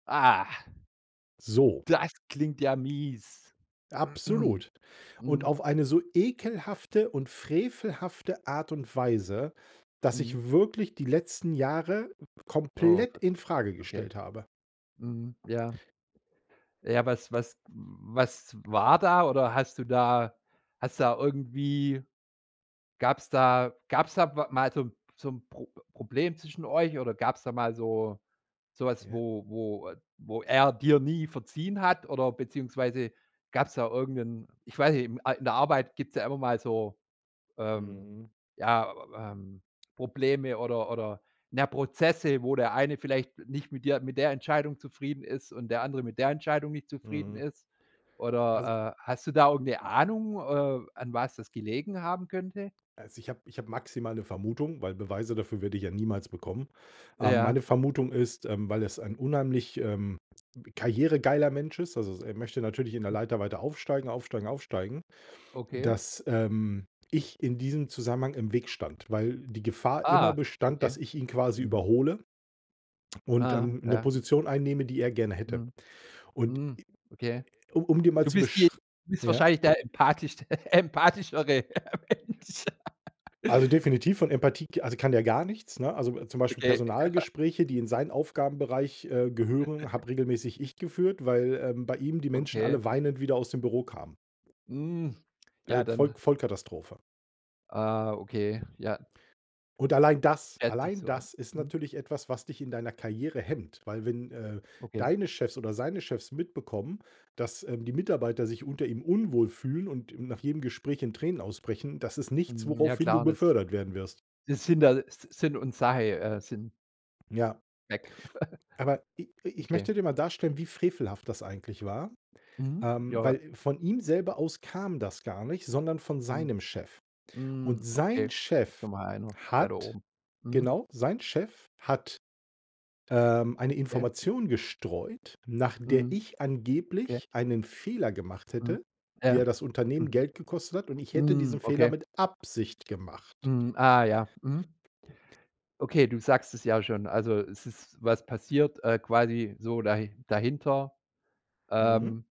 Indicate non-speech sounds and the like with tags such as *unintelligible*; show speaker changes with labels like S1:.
S1: Ah
S2: So.
S1: das klingt ja mies. *clears throat*
S2: Absolut. Und
S1: Mhm.
S2: auf eine so ekelhafte und frevelhafte Art und Weise, dass
S1: Mhm.
S2: ich wirklich die letzten Jahre
S1: Oh,
S2: komplett
S1: Gott.
S2: infrage
S1: Okay.
S2: gestellt habe.
S1: Mhm, ja. Ja, was was was war da, oder hast du da hast du da irgendwie gab's da gab's da wa mal so 'n so 'n Pro Problem zwischen euch oder gab's da mal so so was,
S2: Ja.
S1: wo wo, äh wo er dir nie verziehen hat oder beziehungsweise gab's da irgend 'n, ich weiß nicht, a in der Arbeit gibt's ja immer mal so, ähm,
S2: Mhm.
S1: ja, ähm, Probleme oder oder na ja, Prozesse, wo der eine vielleicht nicht mit dir mit der Entscheidung zufrieden ist und der andere mit der Entscheidung nicht zufrieden
S2: Mhm.
S1: ist.
S2: Also
S1: Oder, äh, hast du da irgend 'ne Ahnung, äh, an was das gelegen haben könnte?
S2: Also, ich habe ich habe maximal 'ne Vermutung, weil Beweise dafür werde ich ja niemals bekommen. Ähm,
S1: Ja.
S2: meine Vermutung ist, ähm, weil es ein unheimlich, ähm, karrieregeiler Mensch ist, also, er möchte natürlich in der
S1: *unintelligible*
S2: Leiter weiter aufsteigen, aufsteigen, aufsteigen,
S1: Okay.
S2: dass, ähm, ich in diesem Zusammenhang im Weg stand, weil die Gefahr immer
S1: Ah,
S2: bestand, dass
S1: okay.
S2: ich ihn quasi
S1: Mhm.
S2: überhole und,
S1: Aha,
S2: ähm, 'ne
S1: ja.
S2: Position einnehme, die er gerne hätte.
S1: Mhm.
S2: Und,
S1: Mhm. Okay.
S2: um um dir mal
S1: Du
S2: zu,
S1: bist die
S2: beschr
S1: du bist
S2: Ja?
S1: wahrscheinlich der empathischte empathischere Mensch. *laughs*
S2: Also, definitiv von Empathie k also, kann der gar nichts, ne? Also, zum Beispiel
S1: Okay, ja.
S2: Personalgespräche, die in seinen Aufgabenbereich, äh, gehören,
S1: *chuckles*
S2: habe regelmäßig ich geführt, weil, ähm, bei ihm die Menschen
S1: Okay.
S2: alle weinend wieder aus dem Büro kamen.
S1: Mhm,
S2: Äh,
S1: ja
S2: k Voll
S1: dann.
S2: Vollkatastrophe.
S1: Ah, okay, ja.
S2: Und allein das
S1: Schätze ich
S2: allein
S1: so ein,
S2: das ist
S1: mhm.
S2: natürlich etwas, was dich in deiner Karriere hemmt. Weil wenn, äh,
S1: Okay.
S2: deine Chefs oder seine Chefs mitbekommen, dass, ähm, die Mitarbeiter sich unter ihm unwohl fühlen und nach jedem Gespräch in Tränen ausbrechen, das ist nichts,
S1: Hm, ja
S2: woraufhin du
S1: klar das
S2: befördert werden wirst.
S1: das sind halt Si Sinn und Sache, äh Sinn
S2: Ja.
S1: weg. *chuckles*
S2: Aber i i ich
S1: Okay.
S2: möchte dir mal darstellen, wie frevelhaft das eigentlich war,
S1: Mhm,
S2: ähm,
S1: ja.
S2: weil von ihm selber aus kam das gar nicht, sondern von
S1: Mhm.
S2: seinem Chef. Und
S1: Mhm,
S2: sein
S1: okay.
S2: Chef
S1: Noch mal einer weiter
S2: hat
S1: oben. Mhm.
S2: genau, sein Chef hat, ähm, eine
S1: Ja.
S2: Information gestreut, nach der
S1: Mhm.
S2: ich
S1: Okay.
S2: angeblich einen Fehler gemacht
S1: Mhm,
S2: hätte,
S1: ja,
S2: der das Unternehmen
S1: hm.
S2: Geld gekostet hat und ich hätte
S1: Mhm,
S2: diesen Fehler
S1: okay.
S2: mit Absicht gemacht.
S1: Mhm, ah ja, mhm. Okay, du sagst es ja schon. Also, es ist was passiert, äh, quasi so dahi dahinter, ähm
S2: Mhm.